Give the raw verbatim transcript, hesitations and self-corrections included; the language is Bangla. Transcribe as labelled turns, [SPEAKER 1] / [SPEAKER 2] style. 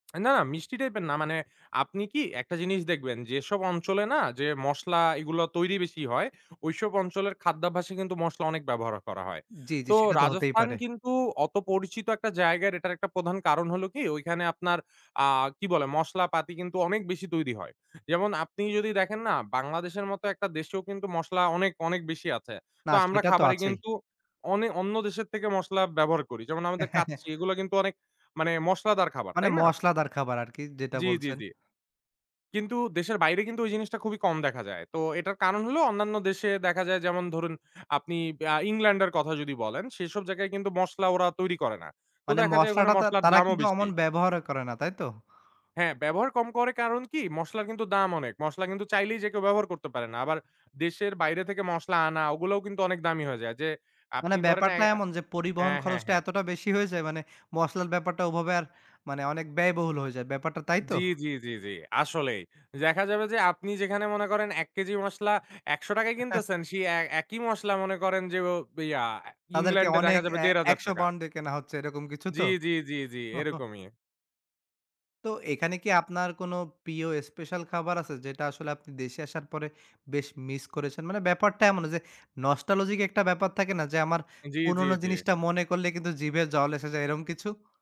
[SPEAKER 1] অ্যা না, মিষ্টি টাইপ এর না। মানে আপনি কি একটা জিনিস দেখবেন, যেসব অঞ্চলে না যে মসলা এগুলা তৈরি বেশি হয় ঐসব অঞ্চলের খাদ্যাভ্যাসে কিন্তু মশলা অনেক ব্যবহার করা হয়।
[SPEAKER 2] জি, জি।
[SPEAKER 1] তো
[SPEAKER 2] সেটা তো হতেই
[SPEAKER 1] রাজস্থান
[SPEAKER 2] পারে।
[SPEAKER 1] কিন্তু অত পরিচিত একটা জায়গার এটার একটা প্রধান কারণ হল কি? ঐখানে আপনার আ কি বলে, মশলা পাতি কিন্তু অনেক বেশি তৈরি হয়। যেমন আপনি যদি দেখেন না বাংলাদেশের মত একটা দেশেও কিন্তু মশলা অনেক, অনেক বেশি আছে।
[SPEAKER 2] না,
[SPEAKER 1] তো আমরা
[SPEAKER 2] সেটা তো
[SPEAKER 1] খাবারে
[SPEAKER 2] আছেই।
[SPEAKER 1] কিন্তু অনে অন্য দেশের থেকে মশলা ব্যবহার করি। যেমন আমাদের কাচ্চি এগুলা কিন্তু অনেক মানে মশলাদার খাবার,
[SPEAKER 2] মানে
[SPEAKER 1] তাই না?
[SPEAKER 2] মশলাদার খাবার আরকি যেটা
[SPEAKER 1] জি, জি,
[SPEAKER 2] বলছেন।
[SPEAKER 1] জি। কিন্তু দেশের বাইরে কিন্তু ওই জিনিসটা খুবই কম দেখা যায়। তো এটার কারণ হল, অন্যান্য দেশে দেখা যায় যেমন ধরুন আপনি ব্যা আ ইংল্যান্ড এর কথা যদি বলেন, সেসব জায়গায় কিন্তু মসলা ওরা তৈরি করে না। তো
[SPEAKER 2] মানে
[SPEAKER 1] দেখা যায় ওখানে
[SPEAKER 2] মশলাটা আর
[SPEAKER 1] মশলার
[SPEAKER 2] তারা
[SPEAKER 1] দামও
[SPEAKER 2] কিন্তু
[SPEAKER 1] বেশি
[SPEAKER 2] অমন ব্যবহারও করে না তাইতো?
[SPEAKER 1] হ্যাঁ, ব্যবহার কম করে কারণ কি মসলার কিন্তু দাম অনেক। মশলা কিন্তু চাইলেই যে কেউ ব্যবহার করতে পারে না। আবার দেশের বাইরে থেকে মসলা আনা ওগুলোও কিন্তু অনেক দামি হয়ে যায়। যে
[SPEAKER 2] মানে
[SPEAKER 1] আপনি ধরেন অ্যা
[SPEAKER 2] ব্যাপারটা এমন যে, পরিবহন
[SPEAKER 1] হ্যাঁ, হ্যাঁ,
[SPEAKER 2] খরচটা
[SPEAKER 1] হ্যাঁ।
[SPEAKER 2] এতটা বেশি হয়ে হয়ে যায়, মানে মসলার ব্যাপারটা ওভাবে আর মানে অনেক ব্যয়বহুল হয়ে যায় ব্যাপারটা তাই
[SPEAKER 1] জি,
[SPEAKER 2] তো?
[SPEAKER 1] জি, জি, জি। আসলেই দেখা যাবে যে আপনি যেখানে মনে করেন এক কেজির মসলা একশো টাকায় কিনতেছেন সেই এ একই মসলা মনে করেন যে ব ইয়া অ্যা
[SPEAKER 2] তাদেরকে
[SPEAKER 1] ইংল্যান্ডে দেখা
[SPEAKER 2] অনেক
[SPEAKER 1] যাবে
[SPEAKER 2] এ
[SPEAKER 1] দেড় হাজার
[SPEAKER 2] একশ
[SPEAKER 1] টাকা।
[SPEAKER 2] পাউন্ডে কেনা হচ্ছে এরকম কিছু
[SPEAKER 1] জি,
[SPEAKER 2] তো?
[SPEAKER 1] জি, জি, জি। এরকমই।
[SPEAKER 2] তো এখানে কি আপনার কোন প্রিয় স্পেশাল খাবার আছে যেটা আসলে আপনি দেশে আসার পরে বেশ মিস করেছেন? মানে ব্যাপারটা এমন যে nostalgic একটা ব্যাপার থাকে না, যে আমার
[SPEAKER 1] জি, জি,
[SPEAKER 2] পুরনো
[SPEAKER 1] জি।
[SPEAKER 2] জিনিসটা মনে করলে কিন্তু জিভে জল এসে যায় এরম কিছু?